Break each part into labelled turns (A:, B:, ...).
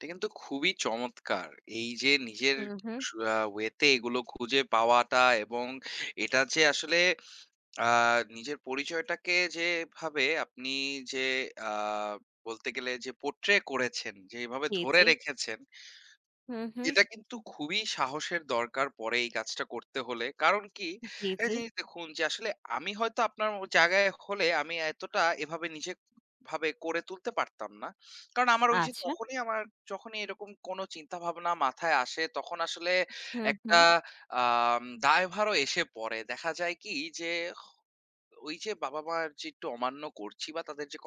A: এটা কিন্তু খুবই চমৎকার। এইযে নিজের
B: হুম, হুম।
A: সু আ ওয়েতে এগুলো খুঁজে পাওয়াটা এবং এটা যে আসলে আ নিজের পরিচয়টাকে যেভাবে আপনি যে আ বলতে গেলে যে পোর্ট্রে করেছেন যেভাবে
B: জি,
A: ধরে
B: জি।
A: রেখেছেন
B: হুম, হুম।
A: এটা কিন্তু খুবই সাহসের দরকার পড়ে এই কাজটা করতে হলে। কারণ কি?
B: জি,
A: একটা
B: জি।
A: জিনিস দেখুন যে আসলে আমি হয়তো আপনার ও জায়গায় হলে আমি এতটা এভাবে নিজে ভাবে গড়ে তুলতে পারতাম না। কারণ আমার ঐযে
B: আচ্ছা।
A: তখনই আমার যখনই এরকম কোন চিন্তাভাবনা মাথায় আসে, তখন আসলে
B: হুম,
A: একটা
B: হুম।
A: আম দায়ভারও এসে পড়ে। দেখা যায় কি? যে ওইযে বাবা-মার যে একটু অমান্য করছি বা তাদের যে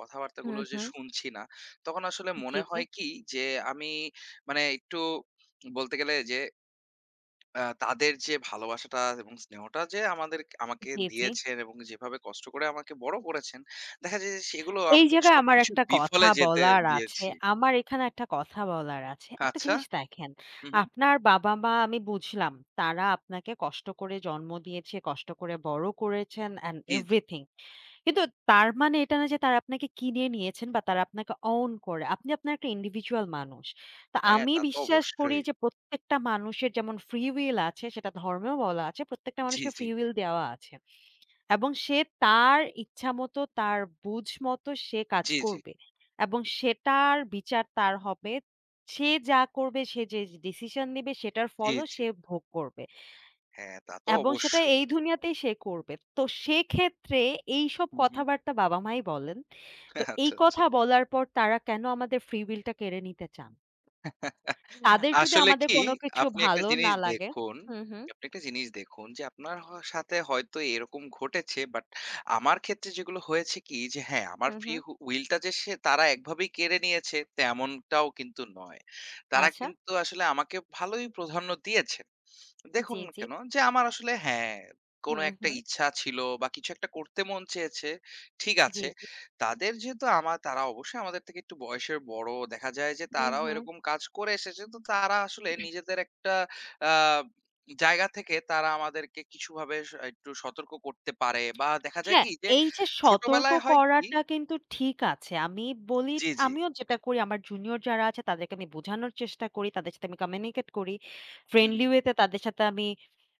B: হুম,
A: কথাবার্তাগুলো যে
B: হুম।
A: শুনছি না, তখন আসলে
B: জি,
A: মনে
B: জি।
A: হয় কি? যে আমি মানে একটু বলতে গেলে যে আ তাদের যে ভালোবাসাটা এবং স্নেহটা যে আমাদেরকে আমাকে
B: জি, জি।
A: দিয়েছেন এবং যেভাবে কষ্ট করে আমাকে বড় করেছেন দেখা যায় যে সেগুলো আমি
B: এই জায়গায় আমার
A: সবকিছু
B: একটা কথা
A: বিফলে যেতে
B: বলার আছে।
A: দিয়েছি।
B: আমার এখানে একটা কথা বলার আছে। একটা
A: আচ্ছা।
B: জিনিস দেখেন।
A: হুম, হুম।
B: আপনার বাবা-মা আমি বুঝলাম তারা আপনাকে কষ্ট করে জন্ম দিয়েছে, কষ্ট করে বড় করেছেন অ্যান্ড
A: জি,
B: অ্যান্ড
A: জি।
B: এভরিথিং। কিন্তু তার মানে এটা নয় যে তারা আপনাকে কিনে নিয়েছেন বা তারা আপনাকে অউন করে। আপনি আপনার একটা ইন্ডিভিজুয়াল মানুষ। তো
A: হ্যাঁ,
B: আমি
A: তা তো
B: বিশ্বাস করি
A: অবশ্যই।
B: যে প্রত্যেকটা মানুষের যেমন ফ্রি উইল আছে সেটা ধর্মেও বলা আছে। প্রত্যেকটা
A: জি,
B: মানুষকে
A: জি।
B: ফ্রি উইল দেওয়া আছে। এবং সে তার ইচ্ছামতো তার বুঝ মতো সে কাজ
A: জি, জি।
B: করবে। এবং সেটার বিচার তার হবে। সে যা করবে, সে যে ডিসিশন নিবে, সেটার
A: জি,
B: ফলও
A: জি।
B: সে ভোগ করবে।
A: হ্যাঁ, তা তো
B: এবং সেটা
A: অবশ্যই।
B: এই দুনিয়াতেই সে করবে। তো সেক্ষেত্রে এইসব
A: হুম, হুম।
B: কথাবার্তা বাবা-মাই বলেন। তো এই
A: আচ্ছা, আচ্ছা।
B: কথা বলার পর তারা কেন আমাদের ফ্রি উইল টা কেড়ে নিতে চান? তাদের যদি
A: আসলে
B: আমাদের
A: কি?
B: কোনো কিছু
A: আপনি একটা
B: ভালো
A: জিনিস
B: না লাগে
A: দেখুন
B: হুম, হুম।
A: যে আপনি একটা জিনিস দেখুন যে আপনার হওয়া সাথে হয়তো এরকম ঘটেছে। বাট আমার ক্ষেত্রে যেগুলো হয়েছে কি? যে হ্যাঁ, আমার
B: হুম,
A: ফ্রি
B: হুম।
A: উ উইল টা যে তারা একভাবেই কেড়ে নিয়েছে তেমনটাও কিন্তু নয়। তারা
B: আচ্ছা।
A: কিন্তু আসলে আমাকে ভালোই প্রধান্য দিয়েছেন।
B: জি,
A: দেখুন
B: জি।
A: কেন? যে আমার আসলে হ্যাঁ, কোন
B: হুম,
A: একটা
B: হুম।
A: ইচ্ছা ছিল বা কিছু একটা করতে মন চেয়েছে, ঠিক
B: জি,
A: আছে।
B: জি।
A: তাদের যেহেতু আমা তারা অবশ্যই আমাদের থেকে একটু বয়সের বড় দেখা যায় যে
B: হুম,
A: তারাও
B: হুম।
A: এরকম কাজ করে এসেছে তো তারা আসলে নিজেদের একটা আ জায়গা থেকে তারা আমাদেরকে কিছুভাবে স একটু সতর্ক করতে পারে বা দেখা যায়
B: হ্যাঁ,
A: কি যে
B: এইযে সতর্ক
A: ছোটবেলায় হয় কি?
B: করাটা কিন্তু ঠিক আছে। আমি বলি
A: জি, জি।
B: আমিও যেটা করি আমার জুনিয়র যারা আছে তাদেরকে আমি বোঝানোর চেষ্টা করি, তাদের সাথে আমি কমিউনিকেট করি।
A: হু,
B: ফ্রেন্ডলি
A: হুম।
B: ওয়েতে তাদের সাথে আমি